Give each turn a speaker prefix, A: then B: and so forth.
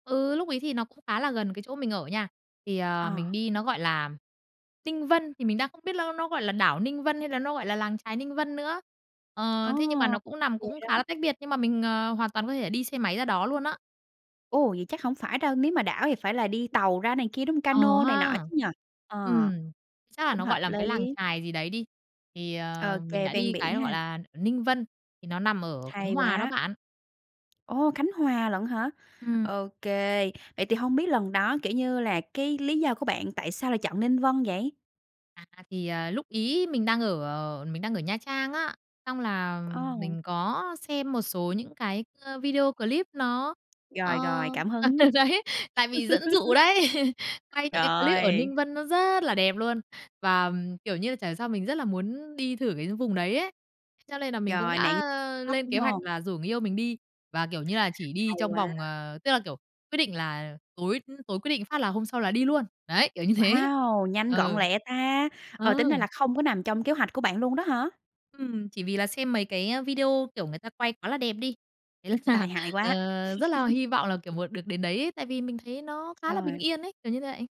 A: Ừ, lúc ấy thì nó cũng khá là gần cái chỗ mình ở nha. Thì, ờ,
B: Ờ.
A: mình đi nó, gọi là, Tinh Vân, thì mình đang không biết ló nó gọi là đảo Ninh Vân hay là nó gọi là làng chài Ninh Vân nữa,
B: Ồ!
A: ờ, thế nhưng mà nó cũng nằm
B: Vậy
A: cũng khá
B: đó.
A: là tách biệt, nhưng mà mình, ờ, hoàn toàn có thể đi xe máy ra đó luôn á.
B: Ồ, vậy chắc hổng phải đâu, nếu mà đảo thì phải là đi tàu ra này kia, đúng ca
A: Ờ
B: nô này nọ
A: ha.
B: chứ nhỉ? Ờ,
A: Ừm, chắc là
B: cũng
A: nó
B: hợp
A: gọi là một
B: lý!
A: cái làng chài gì đấy đi, thì, ờ, mình
B: OK,
A: đã
B: ven
A: đi cái
B: biển
A: nó gọi
B: ha.
A: là ở Ninh Vân, thì nó nằm ở Khánh
B: Hay
A: Hòa đó
B: quá!
A: bạn.
B: Ồ, Khánh Hòa lận hả?
A: Ừm.
B: OK, vậy thì hông biết lần đó, kiểu như là, cái lý do của bạn tại sao lại chọn Ninh Vân vậy?
A: À, thì, à, lúc ấy mình đang ở ở mình đang ở Nha Trang á, xong là
B: Ờ.
A: mình có xem một số những cái, ơ, video clip nó, ờ
B: Rồi, rồi, cảm
A: ờ
B: hứng.
A: đấy, tại bị dẫn dụ đấy, quay những cái clip ở
B: Trời!
A: Ninh Vân nó rất là đẹp luôn và, kiểu như, chả hiểu sao mình rất là muốn đi thử cái vùng đấy ấy, [unintelligible] cho nên là mình cũng
B: Rồi, nạn
A: đã
B: Tok,
A: lên
B: đúng
A: kế hoạch
B: hông?
A: là rủ người yêu mình đi và, kiểu như là, chỉ đi
B: Hay
A: trong
B: quá.
A: vòng, ờ tức là, kiểu, quyết định là tối tối quyết định phát là hôm sau là đi luôn đấy, kiểu như thế.
B: Wow! Nhanh gọn
A: Ừ.
B: lẹ ta! Ờ,
A: Ờ.
B: tính ra là không có nằm trong kế hoạch của bạn luôn đó hả?
A: Ừm, chỉ vì là xem mấy cái video, kiểu, người ta quay quá là đẹp đi thế là,
B: Tai hại
A: ờ,
B: quá.
A: rất là hy vọng là, kiểu, một được đến đấy ấy, tại vì mình thấy nó khá là
B: Sao
A: bình
B: rồi?
A: yên ấy, kiểu như đậy.